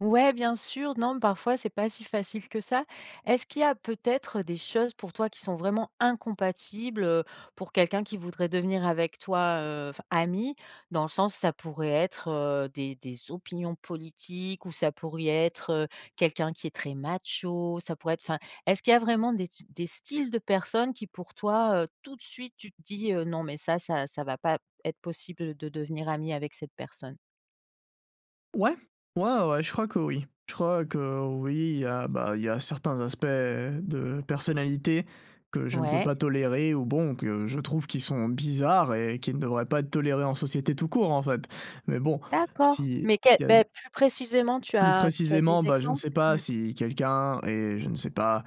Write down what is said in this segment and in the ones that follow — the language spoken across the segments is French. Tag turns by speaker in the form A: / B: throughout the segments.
A: Ouais bien sûr, non parfois c'est pas si facile que ça. Est-ce qu'il y a peut-être des choses pour toi qui sont vraiment incompatibles, heu? Pour quelqu'un qui voudrait devenir avec toi, heu, enfin ami? Dans le sens ça pourrait être, heu, des des opinions politiques ou ça pourrait être, heu, quelqu'un qui est très macho, ça pourrait être enfin, est-ce qu'il y a vraiment des t des styles de personnes qui pour toi, heu, tout de suite tu te dis, heu: «Non mais ça, ça ça va pas être possible, heu, de devenir ami avec cette personne»?
B: Ouais, ouais ouais ouais je crois que oui. Je crois que oui il y a, bah, il y a certains aspects de personnalité que je ne peux
A: Ouais.
B: pas tolérer ou bon que je trouve qui sont bizarres et qui ne devraient pas être tolérés en société tout court en fait. Mais bon,
A: D'accord,
B: si
A: mais
B: s'il
A: quel,
B: y a
A: beh, plus précisément tu
B: Plus
A: as tu as
B: précisément,
A: des
B: bah, je ne
A: exemples?
B: sais pas
A: Mmh.
B: si quelqu'un est je ne sais pas,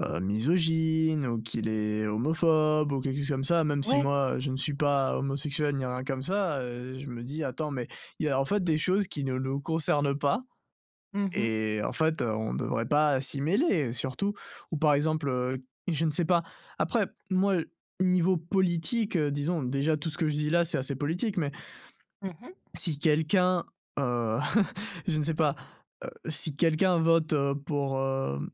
B: heu, misogyne ou qu'il est homophobe ou quelque chose comme ça, même si
A: Ouais.
B: moi je ne suis pas homosexuel ni rien comme ça, heu, je me dis: «Attends mais il y a en fait des choses qui ne nous concernent pas
A: Mmh mh.
B: et en fait, heu, on ne devrait pas, heu, s'y mêler, heu, surtout». Ou par exemple, heu, je ne sais pas après moi niveau politique, heu, disons déjà tout ce que je dis là c'est assez politique mais
A: Mmh mh.
B: si quelqu'un, heu, je ne sais pas, heu, si quelqu'un vote, heu, pour, hem,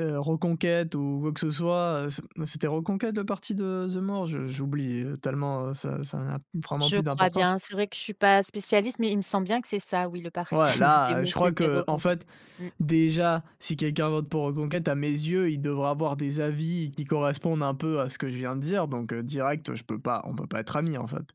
B: heu, Reconquête ou quoi que ce soit, heu, ce, mmh, c'était Reconquête le parti de Zemmour? Je j'ai oublié, heu, tellement, heu, ça ça n'a vraiment
A: Je
B: plus
A: crois
B: d'importance.
A: bien, c'est vrai que je suis pas spécialiste, mais il me semble bien que c'est ça oui le
B: Ouais
A: parti de
B: là, heu,
A: Zemmour.
B: je crois
A: C'était
B: qu'en
A: Reconquête.
B: fait
A: Mmh.
B: déjà si quelqu'un vote pour Reconquête à mes yeux, il devrait avoir des avis qui correspondent un peu à ce que je viens de dire, donc, heu, direct, heu, je peux pas, on peut pas être ami en fait.